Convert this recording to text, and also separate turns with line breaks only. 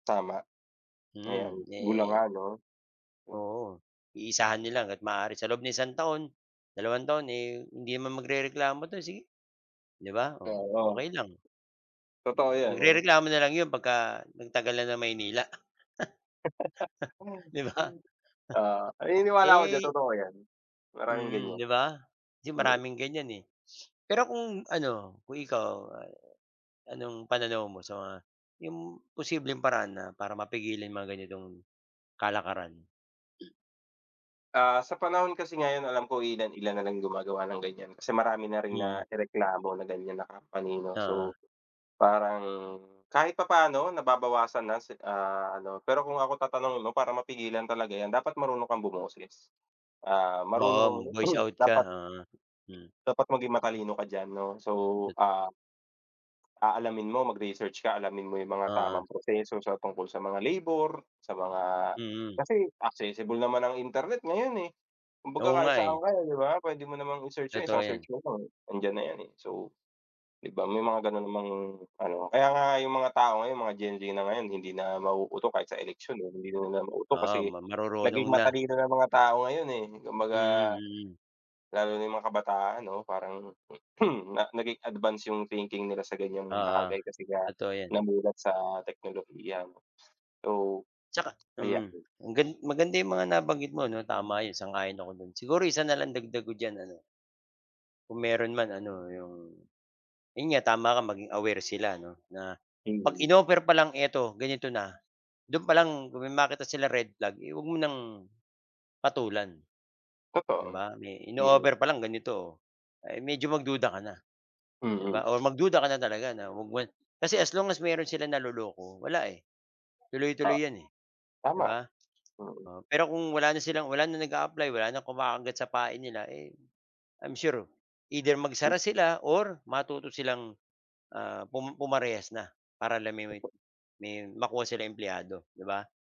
Tama. Ayan
Mm, ne
hula nga 'no?
oo iisahan nila hanggat maaari sa loob ng isang taon, dalawang taon, eh, hindi naman magrereklamo 'to sige, 'di ba, oh,
Oo.
okey lang.
Totoo 'yan, 'no?
Magrereklamo na lang 'yon pagka nagtagal na ng Maynila 'di ba?
Oo, naniniwala ako diyan
Eh
totoo 'yan, maraming
hmm,
gan'yan.
'di ba? Kasi
Hmm.
maraming gan'yan, eh. Pero kung ano, kung ikaw anong pananaw mo sa mga 'yong posibleng paraan na para mapigilin mga ganitong kalakaran?
Ah, sa panahon kasi ngayon alam ko ilan-ilan nalang gumagawa ng gan'yan, kasi marami na rin
Mm.
naireklamo ng gan'yan na company, 'no?
Oo.
So, parang kahit papaano nababawasan na si ah, ano pero kung ako tatanungin mo parang mapigilan talaga 'yan dapat marunong kang bumoses, ah,
Oo,
marunong
mag-voice out ka,
dapat,
oo, mm.
dapat maging matalino ka diyan, 'no? So, ah, aalamin mo mag-research ka alamin mo yung mga
Oo.
tamang proseso sa tungkol sa mga labor, sa mga
Mm.
kasi accessible naman ang internet ngayon, eh. Kumbaga
Oo
kahit
nga,
saan
eh.
ka, eh, 'di ba? Puwede mo namang i-search yung isang
Totoo
search
'yon.
mo nandiyan na 'yan, eh, so 'di ba? May mga gano'n namang ano kaya nga yung mga tao ngayon mga Gen Z na ngayon hindi na mauuto kahit sa eleksyon, eh, hindi naman mauto
Oo,
kasi
marurunong
naging
na.
matalino ng mga tao ngayon, eh, kumbaga,
Mm, mm.
lalo na yung mga kabataan 'no, parang naging advance yung thinking nila sa ganya'ng
Oo,
bagay kasi nga
totoo 'yan
namulat sa teknolohiya, so
Tsaka,
ayan.
hmm, ang gali maganda 'yong mga nabanggit mo, 'no? Tama 'yon sang-ayon ako do'n. Siguro isa na lang dagdag ko diyan ano, kung meron man ano, 'yong 'yon nga tama ka maging aware sila 'no, na 'pag
Mm.
in-offer pa lang eto ganito na do'n pa lang 'pag may makita sila red flag, eh, huwag mo ng patulan, 'di
Totoo,
ba? May
mm.
in-o-offer pa lang ganito. Oo medyo magduda ka na, 'di
Mm.
ba? Oo mag-duda ka na talaga na kasi as long as meron silang naloloko wala, eh,
Oh.
tuloy-tuloy 'yan, eh, 'di
Tama,
ba?
mm.
Oo pero kung wala na silang wala na nag-a-apply wala na kumakagat sa pain nila, eh, I'm sure either magsara sila or matuto silang, ah, pum-pumarehas na para la me me may makuha sila empleyado, 'di ba?